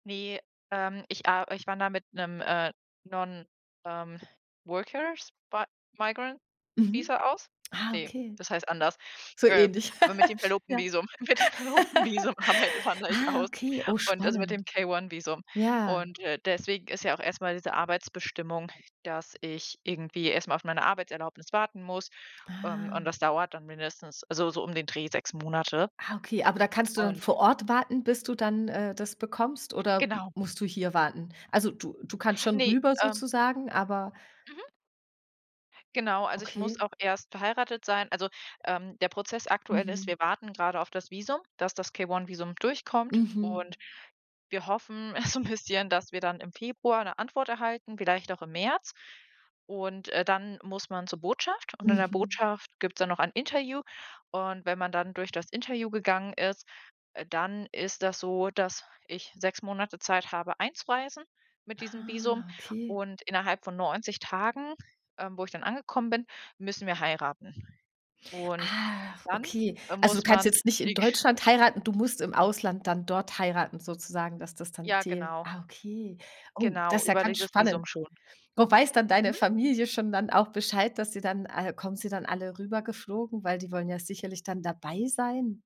Ne, ähm, ich a ich wandere mit 'nem, äh, non, ähm, Workers but Migrant Mhm. Visa aus? Ah, Ne, okay, das heißt anders, so ähm, ähnlich. aber mit dem Ja. Verlobtenvisum, mit dem Verlobtenvisum arbeite wandere ich Ah, aus okay, oh, und, also, mit spannend. dem K-One-Visum. Ja. Und, äh, deswegen ist ja auch erst mal diese Arbeitsbestimmung, dass ich irgendwie erst mal auf meine Arbeitserlaubnis warten muss, ähm, und Ah. das dauert dann mindestens, also so um den Dreh 6 Monate. Ah, okay, aber da kannst du dann Und vor Ort warten, bis du dann, äh, das bekommst oder Genau. musst du hier warten? Also du du kannst schon Ne, rüber ähm sozusagen, aber Mhm. Genau, also ich muss Okay. auch erst verheiratet sein. Also, ähm, der Prozess aktuell ist, Mhm. wir warten grade auf das Visum dass das K-One-Visum durchkommt Mhm. und wir hoffen so 'n bisschen, dass wir dann im Februar 'ne Antwort erhalten, vielleicht auch im März. Und, äh, dann muss man zur Botschaft und in der Mhm. Botschaft gibt's dann noch ein Interview und wenn man dann durch das Interview gegangen ist, äh, dann ist das so, dass ich 6 Monate Zeit habe, einzureisen mit diesem Ah, Visum okay. und innerhalb von 90 Tagen, ähm, wo ich dann angekommen bin, müssen wir heiraten. Und Ach, dann, okay. äh, Also muss du kannst man jetzt nicht in [unintelligible] Deutschland heiraten, du musst im Ausland dann dort heiraten sozusagen, dass das dann Ja, zählt. genau. Ah, okay. Oh, Genau, das ja über ganz dieses spannend. Visum schon. Wo weiß dann deine Mhm. Familie schon dann auch Bescheid, dass sie dann äh, kommen sie dann alle rübergeflogen, weil die wollen ja sicherlich dann dabei sein.